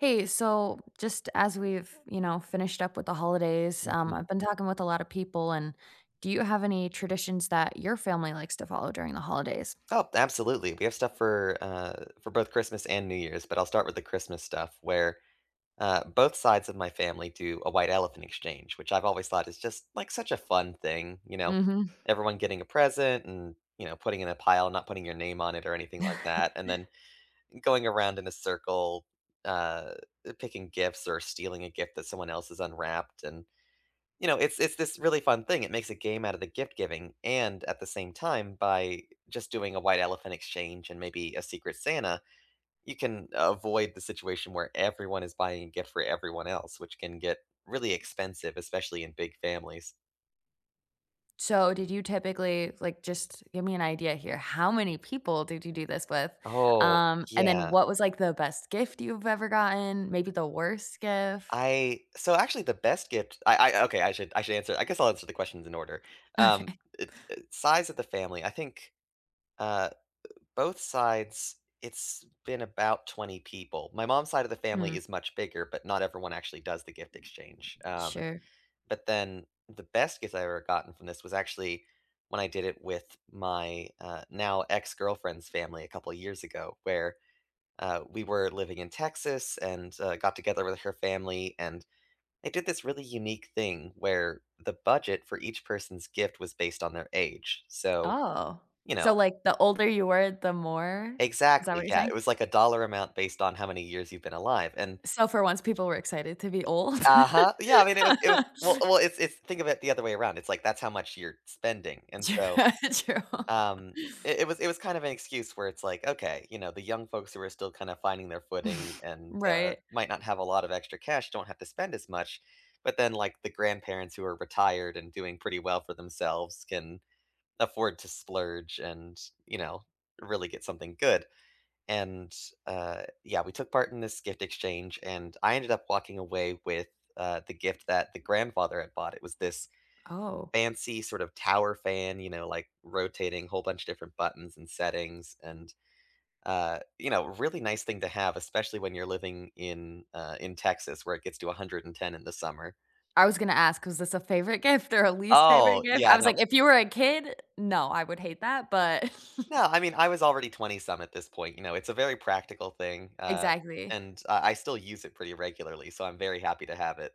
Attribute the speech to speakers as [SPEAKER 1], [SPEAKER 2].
[SPEAKER 1] Hey, so just as we've, you know, finished up with the holidays, um,
[SPEAKER 2] Mhm.
[SPEAKER 1] I've been talking with a lot of people and do you have any traditions that your family likes to follow during the holidays?
[SPEAKER 2] Oh, absolutely. We have stuff for, uh for both Christmas and New Year's, but I'll start with the Christmas stuff where, uh, both sides of my family do a white elephant exchange, which I've always thought is just, like, such a fun thing, you know,
[SPEAKER 1] Mhm.
[SPEAKER 2] everyone getting a present and, you know, putting in a pile, not putting your name on it or anything like that, and then going around in a circle, uh, picking gifts or stealing a gift that someone else has unwrapped and, you know, it's it's this really fun thing. It makes a game out of the gift giving and at the same time, by just doing a white elephant exchange and maybe a Secret Santa, you can avoid the situation where everyone is buying a gift for everyone else, which can get really expensive, especially in big families.
[SPEAKER 1] So, did you typically, like just give me an idea here, how many people did you do this with,
[SPEAKER 2] Oh
[SPEAKER 1] um, and then
[SPEAKER 2] yeah.
[SPEAKER 1] what was, like, the best gift you've ever gotten, maybe the worst gift?
[SPEAKER 2] I so actually the best gift, I I okay, I should I should answer I guess I'll answer the questions in order. Um,
[SPEAKER 1] Okay.
[SPEAKER 2] eh eh, size of the family, I think, uh, eh, both sides it's been about 20 people. My mom's side of the family
[SPEAKER 1] Hmm.
[SPEAKER 2] is much bigger, but not everyone actually does the gift exchange, um,
[SPEAKER 1] Sure.
[SPEAKER 2] but then the best gift I've ever gotten from this was actually when I did it with my, uh, now ex-girlfriend's family a couple of years ago where, uh, we were living in Texas and, uh, got together with her family, and they did this really unique thing where the budget for each person's gift was based on their age. So,
[SPEAKER 1] Oh,
[SPEAKER 2] you
[SPEAKER 1] so
[SPEAKER 2] know
[SPEAKER 1] like, the older you were, the more Is that what
[SPEAKER 2] Exactly,
[SPEAKER 1] you're
[SPEAKER 2] yeah,
[SPEAKER 1] saying?
[SPEAKER 2] it was like a dollar amount based on how many years you've been alive and
[SPEAKER 1] So, for once, people were excited to be old?
[SPEAKER 2] Uh-huh, yeah, I mean, it was it was, well well, it's it's, think of it the other way around, it's like that's how much you're spending, and
[SPEAKER 1] Tru
[SPEAKER 2] so,
[SPEAKER 1] true.
[SPEAKER 2] um, it it was it was kind of an excuse where it's, like, okay, you know, the young folks who are still kind of finding their footing and, uh,
[SPEAKER 1] Right.
[SPEAKER 2] might not have a lot of extra cash, don't have to spend as much. But then, like, the grandparents who are retired and doing pretty well for themselves can afford to splurge and, you know, really get something good. And, uh, yeah, we took part in this gift exchange, and I ended up walking away with, uh, the gift that the grandfather had bought, it was this
[SPEAKER 1] Oh.
[SPEAKER 2] fancy sort of tower fan, you know, like, rotating, whole bunch of different buttons and settings, and, uh, you know, really nice thing to have, especially when you're living in, uh in Texas, where it gets to 110 in the summer.
[SPEAKER 1] I was gonna ask, 'cause this a favorite gift or a least favorite
[SPEAKER 2] Oh,
[SPEAKER 1] gift? I
[SPEAKER 2] yeah,
[SPEAKER 1] was
[SPEAKER 2] no
[SPEAKER 1] like, "If you were a kid, no, I would hate that, but"
[SPEAKER 2] No, I mean, I was already twenty-some at this point, you know, it's a very practical thing, uh,
[SPEAKER 1] Exactly.
[SPEAKER 2] and I I still use it pretty regularly, so I'm very happy to have it.